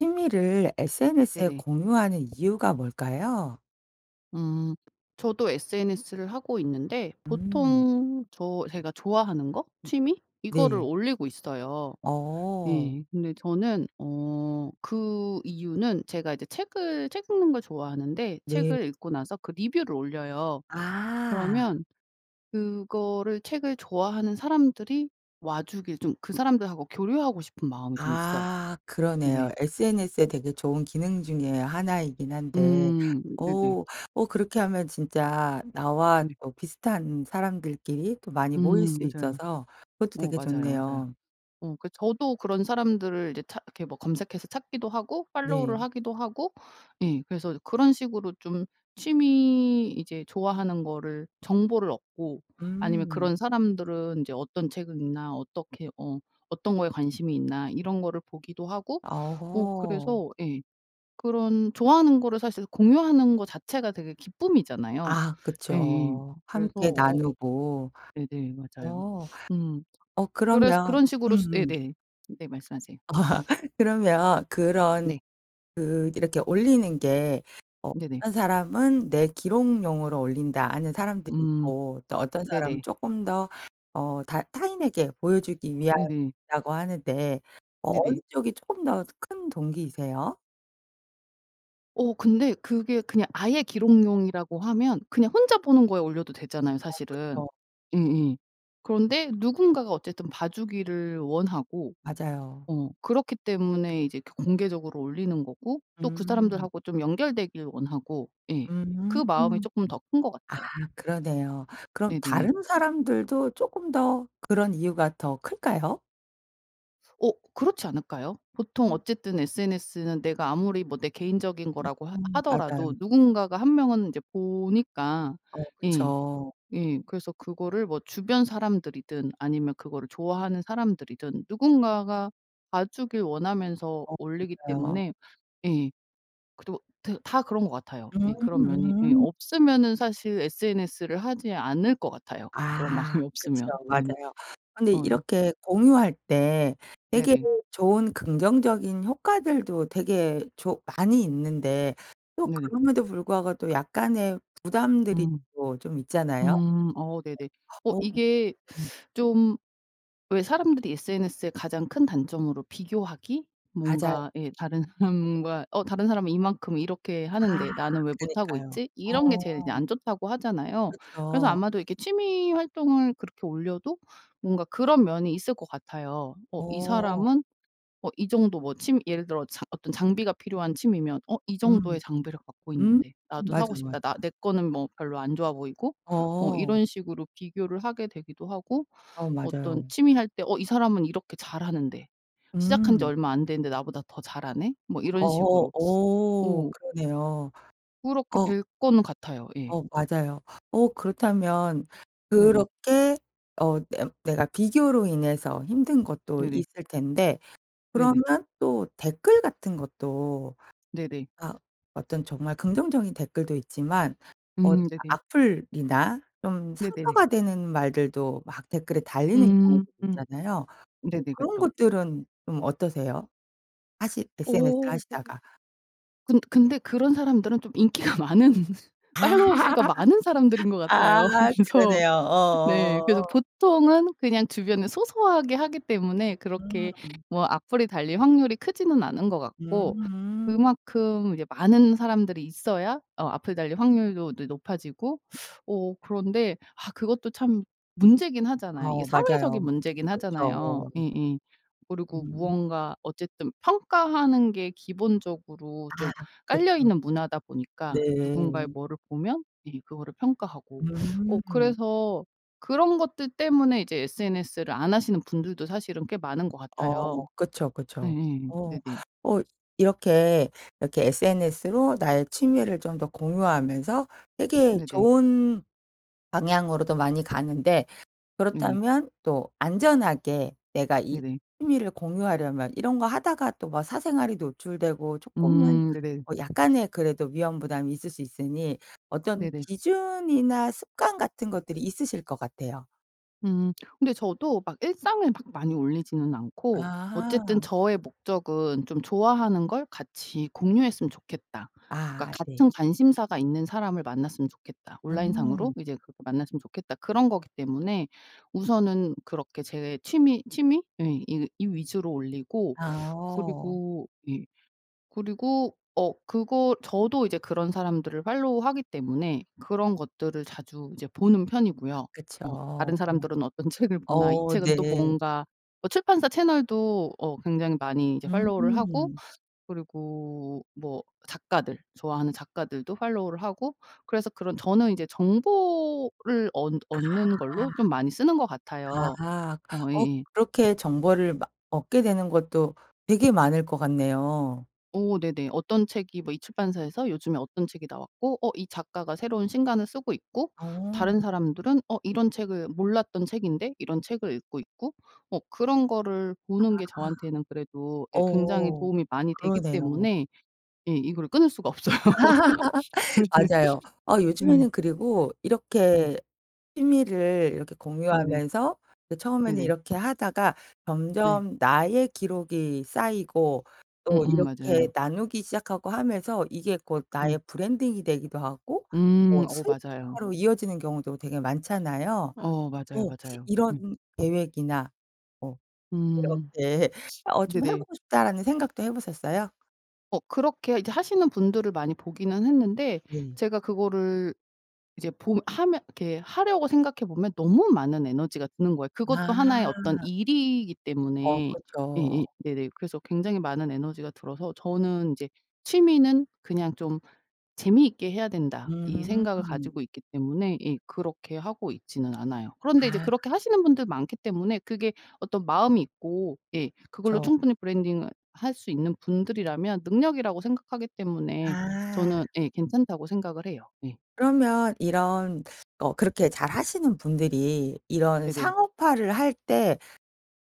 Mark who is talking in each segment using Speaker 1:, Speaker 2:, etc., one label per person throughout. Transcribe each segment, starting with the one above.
Speaker 1: 취미를 sns에
Speaker 2: 네네.
Speaker 1: 공유하는 이유가 뭘까요?
Speaker 2: 음 저도 SNS를 하고 있는데
Speaker 1: 음.
Speaker 2: 보통 저 제가 좋아하는 거 취미 이거를
Speaker 1: 네.
Speaker 2: 올리고 있어요.
Speaker 1: 어.
Speaker 2: 네 근데 저는 어 그 이유는 제가 이제 책을 책 읽는 걸 좋아하는데
Speaker 1: 네.
Speaker 2: 책을 읽고 나서 그 리뷰를 올려요.
Speaker 1: 아.
Speaker 2: 그러면 그거를 책을 좋아하는 사람들이 와주길 좀 그 사람들하고 교류하고 싶은 마음이 좀 있어요.
Speaker 1: 아 그러네요.
Speaker 2: 네네.
Speaker 1: sns의 되게 좋은 기능 중에 하나이긴 한데
Speaker 2: 음 네네.
Speaker 1: 오 오 그렇게 하면 진짜 나와
Speaker 2: 네.
Speaker 1: 어 비슷한 사람들끼리 또 많이 모일
Speaker 2: 음
Speaker 1: 수
Speaker 2: 맞아요.
Speaker 1: 있어서 그것도
Speaker 2: 어
Speaker 1: 되게
Speaker 2: 맞아요 맞아요.
Speaker 1: 좋네요.
Speaker 2: 어 그 저도 그런 사람들을 이제 찾 그렇게 뭐 검색해서 찾기도 하고 팔로우를
Speaker 1: 네.
Speaker 2: 하기도 하고 예. 그래서 그런 식으로 좀 취미 이제 좋아하는 거를 정보를 얻고 아니면
Speaker 1: 음.
Speaker 2: 그런 사람들은 인제 어떤 책을 읽나 어떻게 어 어떤 거에 관심이 있나 이런 거를 보기도 하고 어
Speaker 1: 오호.
Speaker 2: 그래서 예. 그런 좋아하는 거를 사실 공유하는 거 자체가 되게 기쁨이잖아요.
Speaker 1: 아
Speaker 2: 예예
Speaker 1: 그쵸. 함께
Speaker 2: 그래서 어
Speaker 1: 나누고
Speaker 2: 네네 맞아요.
Speaker 1: 어
Speaker 2: 음
Speaker 1: 어
Speaker 2: 그래서
Speaker 1: 그러면
Speaker 2: 그런 식으로
Speaker 1: 음음.
Speaker 2: 네네. 네 말씀하세요.
Speaker 1: 그러면 그런
Speaker 2: 네.
Speaker 1: 그 이렇게 올리는 게
Speaker 2: 네네.
Speaker 1: 어떤 사람은 내 기록용으로 올린다 하는 사람들이
Speaker 2: 음.
Speaker 1: 있고 또 어떤 사람은
Speaker 2: 네네.
Speaker 1: 조금 더 어 다 타인에게 보여주기
Speaker 2: 네네.
Speaker 1: 위함이라고 하는데 어 어느
Speaker 2: 네네.
Speaker 1: 쪽이 조금 더 큰 동기이세요?
Speaker 2: 어 근데 그게 그냥 아예 기록용이라고 하면 그냥 혼자 보는 거에 올려도 되잖아요
Speaker 1: 어
Speaker 2: 사실은.
Speaker 1: 그쵸.
Speaker 2: 음음. 그런데 누군가가 어쨌든 봐주기를 원하고
Speaker 1: 맞아요.
Speaker 2: 어 그렇기 때문에 이제 그 공개적으로 올리는 거고 또 그
Speaker 1: 음.
Speaker 2: 사람들하고 좀 연결되길 원하고 예 그
Speaker 1: 음.
Speaker 2: 마음이 쪼끔 더 큰 것 같아요.
Speaker 1: 아 그러네요. 그럼
Speaker 2: 네네네.
Speaker 1: 다른 사람들도 쪼끔 더 그런 이유가 더 클까요?
Speaker 2: 어 그렇지 않을까요? 보통
Speaker 1: 음.
Speaker 2: 어쨌든 SNS는 내가 아무리 뭐 내 개인적인 거라고 하
Speaker 1: 음
Speaker 2: 하더라도
Speaker 1: 맞아요.
Speaker 2: 누군가가 1 명은 인제 보니까
Speaker 1: 어
Speaker 2: 예.
Speaker 1: 그쵸.
Speaker 2: 예. 그래서 그거를 뭐 주변 사람들이든 아니면 그거를 좋아하는 사람들이든 누군가가 봐주길 원하면서
Speaker 1: 어
Speaker 2: 올리기
Speaker 1: 맞아요.
Speaker 2: 때문에 예. 그래도 데 다 그런 것 같아요. 예 그런 면이 예
Speaker 1: 음음.
Speaker 2: 없으면 사실 SNS를 하지 않을 것 같아요 그런
Speaker 1: 아
Speaker 2: 마음이
Speaker 1: 그쵸.
Speaker 2: 없으면. 네네.
Speaker 1: 맞아요. 근데
Speaker 2: 어 네.
Speaker 1: 이렇게 공유할 때 되게
Speaker 2: 네네.
Speaker 1: 좋은 긍정적인 효과들도 되게 조 많이 있는데 또
Speaker 2: 네네.
Speaker 1: 그럼에도 불구하고 또 약간의 부담들이
Speaker 2: 음.
Speaker 1: 또 좀 있잖아요.
Speaker 2: 음 어 네네. 어
Speaker 1: 어
Speaker 2: 이게
Speaker 1: 음.
Speaker 2: 좀 왜 사람들이 SNS의 가장 큰 단점으로 비교하기?
Speaker 1: 맞아요.
Speaker 2: 뭔가 예 다른 사람과 '어 다른 사람은 이만큼 이렇게
Speaker 1: 아
Speaker 2: 하는데 나는 왜 못하고
Speaker 1: 그니까요.
Speaker 2: 있지?' 이런 게 제일 그냥
Speaker 1: 어.
Speaker 2: 안 좋다고 하잖아요. 그래서
Speaker 1: 그쵸.
Speaker 2: 아마도 이렇게 취미 활동을 그렇게 올려도 뭔가 그런 면이 있을 것 같아요. 어 이
Speaker 1: 어.
Speaker 2: 사람은 어 이 정도 뭐 취미 예를 들어 장 어떤 장비가 필요한 취미면 '어 이 정도의
Speaker 1: 음.
Speaker 2: 장비력 갖고
Speaker 1: 음
Speaker 2: 있는데 나도
Speaker 1: 맞아,
Speaker 2: 사고
Speaker 1: 맞
Speaker 2: 싶다.' 나 내 거는 뭐 별로 안 좋아 보이고 어
Speaker 1: 어.
Speaker 2: 이런 식으로 비교를 하게 되기도 하고
Speaker 1: 어
Speaker 2: 어떤
Speaker 1: 맞아요.
Speaker 2: 취미 할 때 '어 이 사람은 이렇게 잘하는데 시작한 지
Speaker 1: 음.
Speaker 2: 얼마 안 됐는데 나보다 더 잘하네.' 뭐 이런
Speaker 1: 어
Speaker 2: 식으로.
Speaker 1: 어
Speaker 2: 오.
Speaker 1: 그러네요.
Speaker 2: 그렇게
Speaker 1: 어
Speaker 2: 될 거는 같아요. 예.
Speaker 1: 어 맞아요. 어 그렇다면
Speaker 2: 네네.
Speaker 1: 그렇게 어 냄 내가 비교로 인해서 힘든 것도
Speaker 2: 네네.
Speaker 1: 있을 텐데
Speaker 2: 네네.
Speaker 1: 그러면 또 댓글 같은 것도
Speaker 2: 네네.
Speaker 1: 아 어떤 정말 긍정적인 댓글도 있지만 어
Speaker 2: 음 네네.
Speaker 1: 악플이나 좀
Speaker 2: 네네네.
Speaker 1: 상처가 되는 말들도 막 댓글에 달리는
Speaker 2: 음
Speaker 1: 경우도
Speaker 2: 음.
Speaker 1: 있잖아요. 어
Speaker 2: 네네
Speaker 1: 그런
Speaker 2: 그쵸.
Speaker 1: 것들은 좀 어떠세요? 하실
Speaker 2: 어
Speaker 1: SNS를
Speaker 2: 어.
Speaker 1: 하시다가.
Speaker 2: 근 근데 그런 사람들은 좀 인기가 많은
Speaker 1: 아
Speaker 2: 팔로워 수가 많은 사람들인 것 같아요.
Speaker 1: 아
Speaker 2: 그래서
Speaker 1: 그러네요.
Speaker 2: 네. 그래서
Speaker 1: 어.
Speaker 2: 보통은 그냥 주변에 소소하게 하기 때문에 그렇게
Speaker 1: 음.
Speaker 2: 뭐 악플이 달릴 확률이 크지는 않은 것 같고
Speaker 1: 음.
Speaker 2: 그만큼 이제 많은 사람들이 있어야 어 악플이 달릴 확률도 네 높아지고 어 그런데 아 그것도 참 문제긴
Speaker 1: 아
Speaker 2: 하잖아요. 이게 사회적인
Speaker 1: 맞아요.
Speaker 2: 문제긴 하잖아요.
Speaker 1: 그렇죠.
Speaker 2: 예예. 그리고
Speaker 1: 음.
Speaker 2: 무언가 어쨌든 평가하는 게 기본적으로
Speaker 1: 아
Speaker 2: 좀
Speaker 1: 그쵸.
Speaker 2: 깔려있는 문화다 보니까 누군가의
Speaker 1: 네.
Speaker 2: 뭐를 보면 예 그거를 평가하고. 어
Speaker 1: 음.
Speaker 2: 그래서 그런 것들 때문에 이제 SNS를 안 하시는 분들도 사실은 꽤 많은 것
Speaker 1: 어
Speaker 2: 같아요.
Speaker 1: 그쵸, 그쵸.
Speaker 2: 예예.
Speaker 1: 어.
Speaker 2: 네네.
Speaker 1: 어 이렇게 이렇게 SNS로 나의 취미를 좀 더 공유하면서 되게
Speaker 2: 네네.
Speaker 1: 좋은 방향으로도 많이 가는데
Speaker 2: 네네.
Speaker 1: 그렇다면 또 안전하게 내가 이
Speaker 2: 네네.
Speaker 1: 취미를 공유하려면 이런 거 하다가 또 막 사생활이 노출되고 쪼끔은
Speaker 2: 음 네네.
Speaker 1: 어 약간의 뭐 그래도 위험 부담이 있을 수 있으니 어떤
Speaker 2: 네네.
Speaker 1: 기준이나 습관 같은 것들이 있으실 것 같아요.
Speaker 2: 음. 근데 저도 막 일상을 막 많이 올리지는 않고 어쨌든
Speaker 1: 아하.
Speaker 2: 저의 목적은 '좀 좋아하는 걸 같이 공유했으면 좋겠다.' 그러니까
Speaker 1: 아 네.
Speaker 2: '같은 관심사가 있는 사람을 만났으면 좋겠다. 온라인 상으로
Speaker 1: 음.
Speaker 2: 이제 그렇게 만났으면 좋겠다.' 그런 거기 때문에 우선은 그렇게 제 취미 취미? 예. 이 이 위주로 올리고
Speaker 1: 어.
Speaker 2: 그리고 예. 그리고 어 그거 저도 이제 그런 사람들을 팔로우하기 때문에 그런 것들을 자주 이제 보는
Speaker 1: 아
Speaker 2: 편이고요.
Speaker 1: 그쵸.
Speaker 2: 어.
Speaker 1: 어.
Speaker 2: '다른 사람들은 어떤 책을 보나. 이
Speaker 1: 어
Speaker 2: 책은 또
Speaker 1: 네.
Speaker 2: 뭔가.' 출판사 채널도 어 굉장히 많이 이제 팔로우를 하고
Speaker 1: 음.
Speaker 2: 그리고 뭐 작가들 좋아하는 작가들도 팔로우를 하고 그래서 그런 저는 이제 정보를 얻
Speaker 1: 아.
Speaker 2: 얻는 걸로 좀 많이 쓰는 것 같아요.
Speaker 1: 아.
Speaker 2: 어
Speaker 1: 어
Speaker 2: 예예.
Speaker 1: 그렇게 정보를 마 얻게 되는 것도 되게 많을 것 같네요.
Speaker 2: 어 네네. 어떤 책이 뭐 이 출판사에서 요즘에 어떤 책이 나왔고 어 이 작가가 새로운 신간을 쓰고 있고
Speaker 1: 오.
Speaker 2: 다른 사람들은 어 이런 책을 몰랐던 책인데 이런 책을 읽고 있고 어 그런 거를 보는 게
Speaker 1: 아.
Speaker 2: 저한테는 그래도 예 굉장히
Speaker 1: 어.
Speaker 2: 도움이 많이 되기
Speaker 1: 그러네요.
Speaker 2: 때문에 예 이걸 끊을 수가 없어요.
Speaker 1: 맞아요. 아
Speaker 2: 네.
Speaker 1: 요즘에는 그리고
Speaker 2: 예.
Speaker 1: 이렇게 취미를 이렇게
Speaker 2: 네네.
Speaker 1: 공유하면서 그 처음에는
Speaker 2: 네네.
Speaker 1: 이렇게 하다가
Speaker 2: 네.
Speaker 1: 점점 나의 기록이 쌓이고 또
Speaker 2: 음음
Speaker 1: 이렇게
Speaker 2: 맞아요.
Speaker 1: 나누기 시작하고 하면서 이게 곧
Speaker 2: 음.
Speaker 1: 나의 브랜딩이 되기도 하고
Speaker 2: 음
Speaker 1: 뭐
Speaker 2: 어 맞아요.
Speaker 1: 수익화로 이어지는 경우도 되게 많잖아요?
Speaker 2: 어
Speaker 1: 어
Speaker 2: 맞아요,
Speaker 1: 혹시
Speaker 2: 맞아요.
Speaker 1: 이런
Speaker 2: 음.
Speaker 1: 계획이나 뭐
Speaker 2: 음
Speaker 1: 이렇게 '어 좀 해
Speaker 2: 네네.
Speaker 1: 보고 싶다.'라는 생각도 해 보셨어요?
Speaker 2: 어 그렇게 이제 하시는 분들을 많이 보기는 했는데
Speaker 1: 네.
Speaker 2: 제가 그거를 이제 봄 하면 이렇게 하려고 생각해 보면 너무 많은 에너지가 드는 거예요. 그것도
Speaker 1: 아.
Speaker 2: 하나의 어떤 일이기
Speaker 1: 어
Speaker 2: 때문에
Speaker 1: 그쵸.
Speaker 2: 예예 네네 그래서 굉장히 많은 에너지가 들어서 저는 이제 '취미는 그냥 좀 재미있게 해야된다.' 이 생각을
Speaker 1: 음.
Speaker 2: 가지고 있기 때문에 예 그렇게 하고 있지는 않아요. 그런데
Speaker 1: 아.
Speaker 2: 그렇게 하시는 분들이 많기 때문에 그게 어떤 마음이 있고 예 그걸로
Speaker 1: 그쵸.
Speaker 2: 충분히 브랜딩을 할 수 있는 분들이라면 능력이라고 생각하기 때문에
Speaker 1: 아.
Speaker 2: 저는 예 괜찮다고 생각을 해요. 예.
Speaker 1: 그러면 이런 어 그렇게 잘 하시는 분들이 이런
Speaker 2: 네네.
Speaker 1: 상업화를 할 때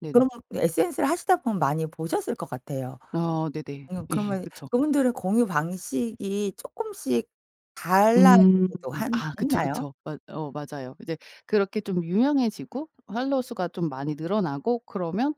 Speaker 2: 네네.
Speaker 1: 그럼 sns를 하시다 보면 많이 보셨을 것 같아요.
Speaker 2: 아 네네.
Speaker 1: 응
Speaker 2: 예.
Speaker 1: 그러면
Speaker 2: 그쵸.
Speaker 1: 그분들은 공유방식이 조금씩
Speaker 2: 음.
Speaker 1: 달라지기도 한
Speaker 2: 아 그쵸
Speaker 1: 했나요?
Speaker 2: 그쵸. 맞 어 맞아요. 이제 그렇게 좀 유명해지고 팔로우 수가 좀 많이 늘어나고 그러면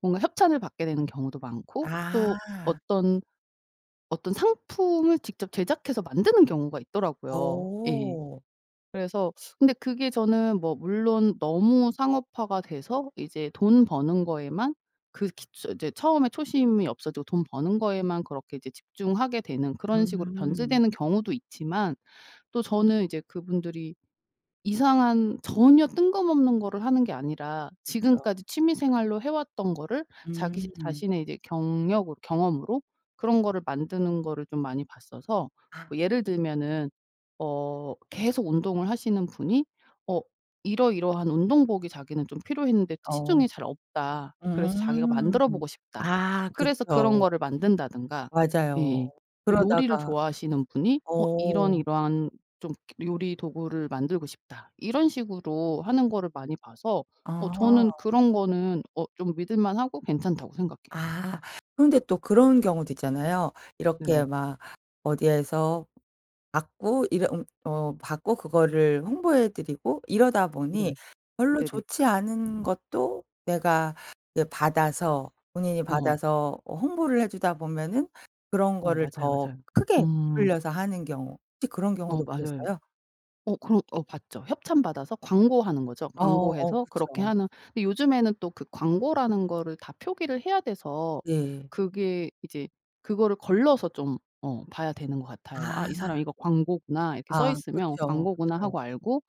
Speaker 2: 뭔가 협찬을 받게 되는 경우도 많고 또
Speaker 1: 아.
Speaker 2: 어떤 어떤 상품을 직접 제작해서 만드는 경우가 있더라고요. 예.
Speaker 1: 어.
Speaker 2: 그래서 근데 그게 저는 뭐 물론 너무 상업화가 돼서 이제 돈 버는 거에만 그렇게 처 이제 처음에 초심이 없어지고 돈 버는 거에만 그렇게 이제 집중하게 되는 그런 식으로
Speaker 1: 음.
Speaker 2: 변질되는 경우도 있지만 또 저는 이제 그분들이 이상한 전혀 뜬금없는 거를 하는 게 아니라
Speaker 1: 그쵸.
Speaker 2: 지금까지 취미생활로 해왔던 거를 자기
Speaker 1: 음.
Speaker 2: 자신의 이제 경력을 경험으로 그런 거를 만드는 거를 좀 많이 봤어서 뭐
Speaker 1: 아.
Speaker 2: 예를 들면은 어 계속 운동을 하시는 분이 어 이러이러한 운동복이 자기는 좀 필요했는데
Speaker 1: 어.
Speaker 2: 시중에 잘 없다 그래서 자기가
Speaker 1: 음.
Speaker 2: 만들어보고 싶다
Speaker 1: 아
Speaker 2: 그래서 그런
Speaker 1: 그쵸.
Speaker 2: 거를 만든다든가.
Speaker 1: 맞아요.
Speaker 2: 예예 뭐 요리를
Speaker 1: 그러다가
Speaker 2: 좋아하시는 분이 어 이런
Speaker 1: 어.
Speaker 2: 이러한 좀 요리 도구를 만들고 싶다. 이런 식으로 하는 거를 많이 봐서 어
Speaker 1: 어.
Speaker 2: 저는 그런 거는 어 좀 믿을 만하고 괜찮다고 생각해요.
Speaker 1: 아 그런데 또 그런 경우도 있잖아요.
Speaker 2: 네네.
Speaker 1: 이렇게 막 어디에서 받고 이래 웅 어 받고 그거를 홍보해 드리고 이러다 보니
Speaker 2: 네네.
Speaker 1: 별로
Speaker 2: 네네.
Speaker 1: 좋지 않은 것도 내가 이게 받아서 본인이
Speaker 2: 어.
Speaker 1: 받아서 어 홍보를 해 주다 보면은 그런
Speaker 2: 어
Speaker 1: 거를
Speaker 2: 맞아요
Speaker 1: 더
Speaker 2: 맞아요.
Speaker 1: 크게
Speaker 2: 음.
Speaker 1: 부풀려서 하는 경우 혹시 그런
Speaker 2: 어
Speaker 1: 경우도
Speaker 2: 맞아요.
Speaker 1: 보셨어요?
Speaker 2: 어 그런 어 봤죠. 협찬 받아서 광고하는 거죠.
Speaker 1: 어 어
Speaker 2: 광고해서 그렇게
Speaker 1: 그쵸.
Speaker 2: 하는 근데 요즘에는 또 그 광고라는 거를 다 표기를 해야 돼서
Speaker 1: 예.
Speaker 2: 그게 이제 그거를 걸러서 좀 어 봐야 되는 것 같아요. '아 이 사람
Speaker 1: 아.
Speaker 2: 이거 광고구나. 이렇게 써
Speaker 1: 아
Speaker 2: 있으면
Speaker 1: 그쵸
Speaker 2: 광고구나.'
Speaker 1: 그쵸.
Speaker 2: 하고 알고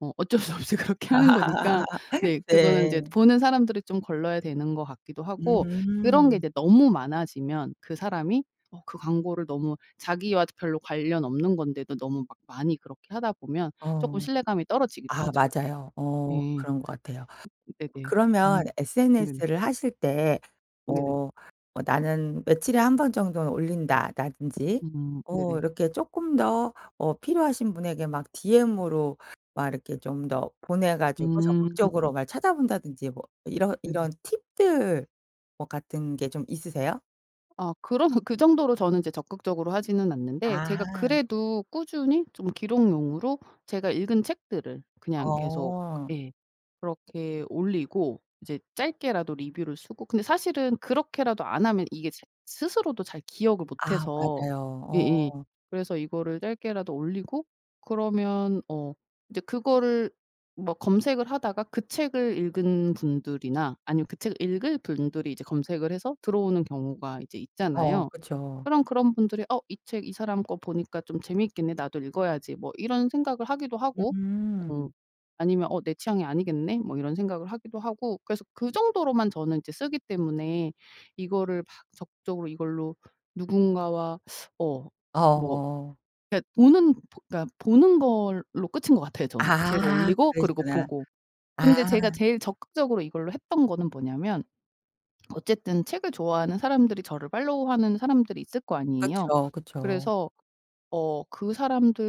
Speaker 2: 어 어쩔 수 없이 그렇게 하는 거니까 네 그거는
Speaker 1: 네.
Speaker 2: 인제 보는 사람들이 좀 걸러야 되는 것 같기도 하고 그런 게
Speaker 1: 음.
Speaker 2: 이제 너무 많아지면 그 사람이 어 그 광고를 너무 자기와 별로 관련 없는 건데도 너무 막 많이 그렇게 하다 보면
Speaker 1: 어.
Speaker 2: 조금 신뢰감이 떨어지기도
Speaker 1: 아
Speaker 2: 하죠. 예.
Speaker 1: 맞아요 어.
Speaker 2: 예.
Speaker 1: 그런 것 같아요.
Speaker 2: 네네. 음
Speaker 1: 그러면
Speaker 2: 네네.
Speaker 1: sns를 하실 때
Speaker 2: 네네.
Speaker 1: 어 뭐 '나는 며칠에 1 번 정도는 올린다.'라든지
Speaker 2: 음.
Speaker 1: 어
Speaker 2: 네네.
Speaker 1: 이렇게 조금 더 어 필요하신 분에게 막 디엠으로 막 이렇게 좀 더 보내 가지고 적극적으로
Speaker 2: 음.
Speaker 1: 날 찾아본다든지 뭐 이런
Speaker 2: 네네.
Speaker 1: 이런 팁들 뭐 같은 게 좀 있으세요?
Speaker 2: 아 그런 그 정도로 저는 적극적으로 하지는 않는데 제가
Speaker 1: 아.
Speaker 2: 그래도 꾸준히 좀 기록용으로 제가 읽은 책들을 그냥 계속
Speaker 1: 어.
Speaker 2: 예 그렇게 올리고 이제 짧게라도 리뷰를 쓰고 근데 사실은 그렇게라도 안 하면 이게 스 스스로도 잘 기억을
Speaker 1: 아
Speaker 2: 못해서
Speaker 1: 맞아요
Speaker 2: 예예
Speaker 1: 어.
Speaker 2: 그래서 이거를 짧게라도 올리고 그러면 어 이제 그거를 뭐 검색을 하다가 그 책을 읽은 분들이나 아니면 그 책을 읽을 분들이 이제 검색을 해서 들어오는 경우가 이제
Speaker 1: 어
Speaker 2: 있잖아요.
Speaker 1: 그쵸.
Speaker 2: 그럼 그런 분들이 '어 이 책 이 사람 거 보니까 좀 재밌겠네. 나도 읽어야지.' 뭐 이런 생각을 하기도 하고 음
Speaker 1: 음.
Speaker 2: 아니면 '어 내 취향이 아니겠네.' 뭐 이런 생각을 하기도 하고 그래서 그 정도로만 저는 이제 쓰기 때문에 이거를 막 적극적으로 이걸로 누군가와 어 뭐
Speaker 1: 어.
Speaker 2: 그니까 보는 그니까 보는 걸로 끝인 거 같아요 저는. 제가
Speaker 1: 아
Speaker 2: 올리고 그리고
Speaker 1: 그러시구나.
Speaker 2: 보고.
Speaker 1: 아.
Speaker 2: 근데 제가 제일 적극적으로 이걸로 했던 거는 뭐냐면 어쨌든 책을 좋아하는 사람들이 저를 팔로우하는 사람들이 있을 거 아니에요.
Speaker 1: 그쵸 그쵸.
Speaker 2: 그래서 어 그 사람들이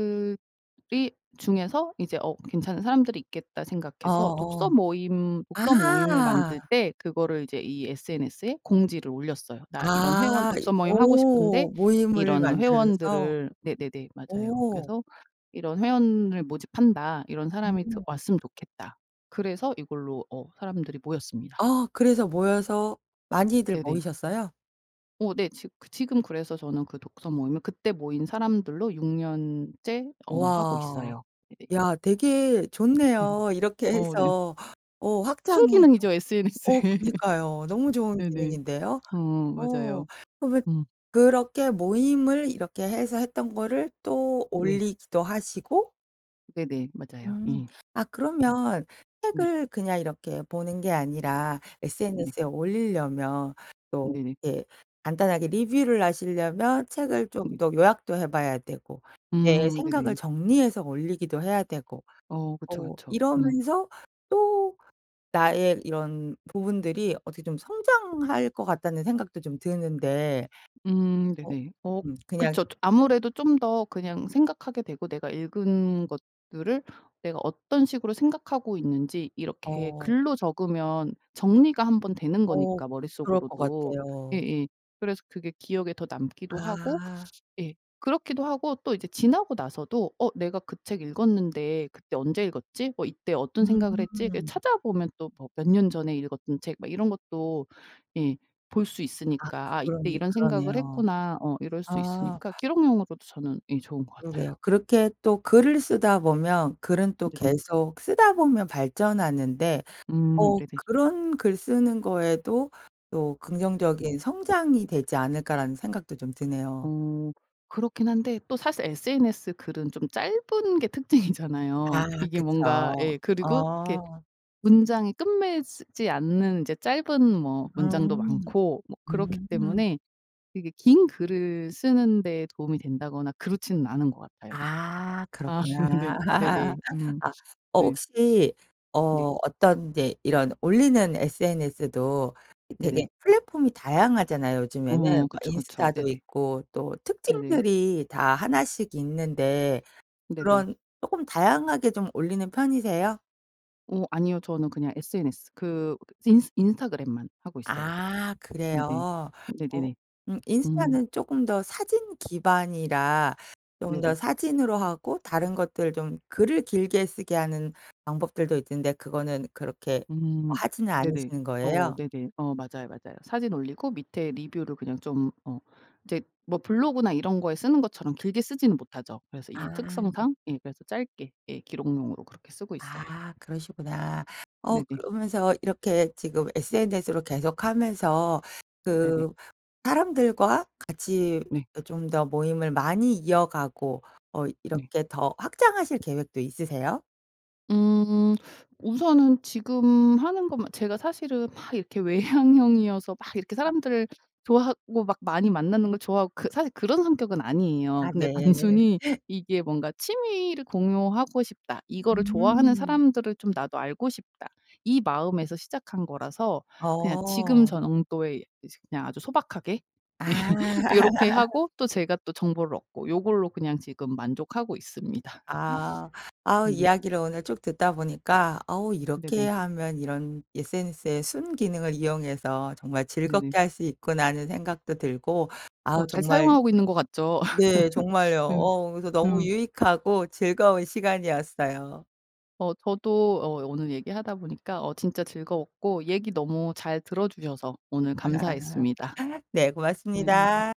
Speaker 2: 중에서 이제 어 괜찮은 사람들이 있겠다 생각해서
Speaker 1: 어어
Speaker 2: 독서모임 독서모임을
Speaker 1: 아.
Speaker 2: 만들 때 그거를 이제 이 sns에 공지를 올렸어요. "나 이런 회원
Speaker 1: 아 이
Speaker 2: 독서모임 하고 싶은데
Speaker 1: 오. 모임을
Speaker 2: 이런
Speaker 1: 만들어서.
Speaker 2: 회원들을" 네네네 맞아요
Speaker 1: 오.
Speaker 2: "그래서 이런 회원을 모집한다. 이런 사람이 드
Speaker 1: 음.
Speaker 2: 왔으면 좋겠다." 그래서 이걸로 어 사람들이 모였습니다.
Speaker 1: 아 그래서 모여서 많이들
Speaker 2: 네네.
Speaker 1: 모이셨어요?
Speaker 2: 어 네. 직 그 지금 그래서 저는 그 독서 모임을 그때 모인 사람들로 6 년째 어 하고
Speaker 1: 와.
Speaker 2: 있어요. 예.
Speaker 1: 야 되게
Speaker 2: 예.
Speaker 1: 좋네요. 이렇게
Speaker 2: 어 네.
Speaker 1: 해서 어 확장해서
Speaker 2: 순기능이죠
Speaker 1: 어
Speaker 2: SNS의.
Speaker 1: 그니까요. 너무 좋은
Speaker 2: 네네.
Speaker 1: 기능인데요?
Speaker 2: 어
Speaker 1: 어
Speaker 2: 맞아요.
Speaker 1: 그러면
Speaker 2: 음.
Speaker 1: 그렇게 모임을 이렇게 해서 했던 거를 또
Speaker 2: 네.
Speaker 1: 올리기도 하시고?
Speaker 2: 네네. 맞아요
Speaker 1: 음.
Speaker 2: 예.
Speaker 1: 아
Speaker 2: 음.
Speaker 1: 그러면
Speaker 2: 네.
Speaker 1: '책을 그냥 이렇게 보는 게 아니라
Speaker 2: 네.
Speaker 1: SNS에 올리려면 또
Speaker 2: 네네.
Speaker 1: 예 간단하게 리뷰를 하시려면 책을 좀
Speaker 2: 네.
Speaker 1: 더 요약도 해 봐야 되고 내
Speaker 2: 음
Speaker 1: 생각을
Speaker 2: 네네.
Speaker 1: 정리해서 올리기도 해야 되고
Speaker 2: 어 그쵸,
Speaker 1: 또
Speaker 2: 그쵸. 음.
Speaker 1: 이러면서 또 나의 이런 부분들이 어떻게 좀 성장할 것 같다.'는 생각도 좀 드는데
Speaker 2: 음
Speaker 1: 어
Speaker 2: 네네. 어
Speaker 1: 음 그냥
Speaker 2: 그쵸. 좀 아무래도 좀 더 그냥 생각하게 되고 내가 읽은 것들을 내가 어떤 식으로 생각하고 있는지 이렇게
Speaker 1: 어.
Speaker 2: 글로 적으면 정리가 1 번 되는
Speaker 1: 어
Speaker 2: 거니까
Speaker 1: 그럴 것
Speaker 2: 머릿속으로도
Speaker 1: 같아요.
Speaker 2: 예예 그래서 그게 기억에 더 남기도 하고
Speaker 1: 아.
Speaker 2: 예 그렇기도 하고 또 이제 지나고 나서도 '어 내가 그 책 읽었는데 그때 언제 읽었지? 뭐 이때 어떤 생각을 했지?' 이렇게
Speaker 1: 음.
Speaker 2: 찾아보면 또 뭐 몇 년 전에 읽었던 책 막 이런 것도 예 볼 수
Speaker 1: 아
Speaker 2: 있으니까 '아 이때
Speaker 1: 그러네,
Speaker 2: 이런 생각을
Speaker 1: 그러네요.
Speaker 2: 했구나.' 어 이럴 수
Speaker 1: 아.
Speaker 2: 있으니까 기록용으로도 저는 예 좋은 것
Speaker 1: 그러게요.
Speaker 2: 같아요.
Speaker 1: 그렇게 또 글을 쓰다 보면 글은 또
Speaker 2: 네네.
Speaker 1: 계속 쓰다 보면 발전하는데
Speaker 2: 음
Speaker 1: 어
Speaker 2: 네네.
Speaker 1: '그런 글 쓰는 거에도 또
Speaker 2: 네.
Speaker 1: 긍정적인 성장이 되지 않을까?'라는 생각도 좀 드네요.
Speaker 2: 어. 그렇긴 한데 또 사실 SNS 글은 좀 짧은 게
Speaker 1: 아
Speaker 2: 특징이잖아요. 이게 뭔가
Speaker 1: 그쵸.
Speaker 2: 예 그리고 이렇게
Speaker 1: 어.
Speaker 2: 문장이 끝매즈지 않는 인제 짧은 뭐 문장도
Speaker 1: 음.
Speaker 2: 많고 뭐 그렇기
Speaker 1: 음.
Speaker 2: 때문에 이게 긴 글을 쓰는 데 도움이 된다거나 그렇지는 않은 것 같아요.
Speaker 1: 아.
Speaker 2: 아 네.
Speaker 1: 그렇구나.
Speaker 2: 네네. 음.
Speaker 1: 아. 어
Speaker 2: 네.
Speaker 1: 혹시
Speaker 2: 네.
Speaker 1: 어 어떤 이제 이런 올리는 SNS도
Speaker 2: 네네.
Speaker 1: 되게 플랫폼이 다양하잖아요 요즘에는.
Speaker 2: 어
Speaker 1: 뭐
Speaker 2: 그쵸, 그쵸.
Speaker 1: 인스타도
Speaker 2: 네네.
Speaker 1: 있고 또
Speaker 2: 네네.
Speaker 1: 특징들이 다 1 씩 있는데
Speaker 2: 네네.
Speaker 1: 그런 쪼끔 다양하게 좀 올리는 편이세요?
Speaker 2: 어 아니요 저는 그냥 SNS 그 인스 인스타그램만 하고 있어요.
Speaker 1: 아
Speaker 2: 네네.
Speaker 1: 그래요. 어
Speaker 2: 네네네.
Speaker 1: 음
Speaker 2: 음.
Speaker 1: 인스타는 쪼끔 더 사진 기반이라 좀
Speaker 2: 네네.
Speaker 1: 더 사진으로 하고 다른 것들 좀 글을 길게 쓰게 하는 방법들도 있던데 그거는 그렇게
Speaker 2: 음
Speaker 1: 하지는
Speaker 2: 네네.
Speaker 1: 않으시는
Speaker 2: 어
Speaker 1: 거예요?
Speaker 2: 네네. 어 맞아요, 맞아요. 사진 올리고 밑에 리뷰를 그냥 좀 어 이제 뭐 블로그나 이런 거에 쓰는 것처럼 길게 쓰진 못하죠. 그래서 이
Speaker 1: 아.
Speaker 2: 특성상 예. 그래서 짧게. 예. 기록용으로 그렇게 쓰고 있어요.
Speaker 1: 아 그러시구나. 어
Speaker 2: 네네.
Speaker 1: 그러면서 이렇게 지금 SNS로 계속 하면서
Speaker 2: 네네.
Speaker 1: 그 사람들과 같이
Speaker 2: 네.
Speaker 1: 어 좀 더 모임을 많이 이어가고 어
Speaker 2: 네.
Speaker 1: 이렇게 더 확장하실 계획도 있으세요?
Speaker 2: 음 우선은 지금 하는 건 막 제가 사실은 막 이렇게 외향형이어서 막 이렇게
Speaker 1: 아.
Speaker 2: 사람들 좋아하고 막 많이 만나는 걸 좋아하고 그 사실 그런 성격은 아니에요.
Speaker 1: 아
Speaker 2: 근데
Speaker 1: 네.
Speaker 2: 단순히 이게 뭔가 '취미를 공유하고 싶다. 이거를 좋아하는
Speaker 1: 음.
Speaker 2: 사람들을 좀 나도 알고 싶다.' 이 마음에서 시작한 거라서 그냥 지금
Speaker 1: 어.
Speaker 2: 정도의 이제 그냥 아주 소박하게
Speaker 1: 아.
Speaker 2: 요렇게 하고 또 제가 또 정보를 얻고 요걸로 그냥 지금 만족하고 있습니다.
Speaker 1: 아 아우
Speaker 2: 네네.
Speaker 1: 이야기를 오늘 쭉 듣다 보니까 아우 '이렇게
Speaker 2: 네네.
Speaker 1: 하면 이런 SNS의 순기능을 이용해서 정말
Speaker 2: 네네.
Speaker 1: 즐겁게 할 수 있구나.' 하는 생각도 들고
Speaker 2: 어
Speaker 1: 아우
Speaker 2: 잘
Speaker 1: 정말
Speaker 2: 사용하고 있는 것 같죠?
Speaker 1: 네 정말요.
Speaker 2: 음.
Speaker 1: 어우 그래서 너무
Speaker 2: 음.
Speaker 1: 유익하고 즐거운 시간이었어요.
Speaker 2: 어 저도 어 오늘 얘기하다 보니까 어 진짜 즐거웠고 얘기 너무 잘 들어주셔서 오늘 감사했습니다.
Speaker 1: 네
Speaker 2: 네.
Speaker 1: 고맙습니다.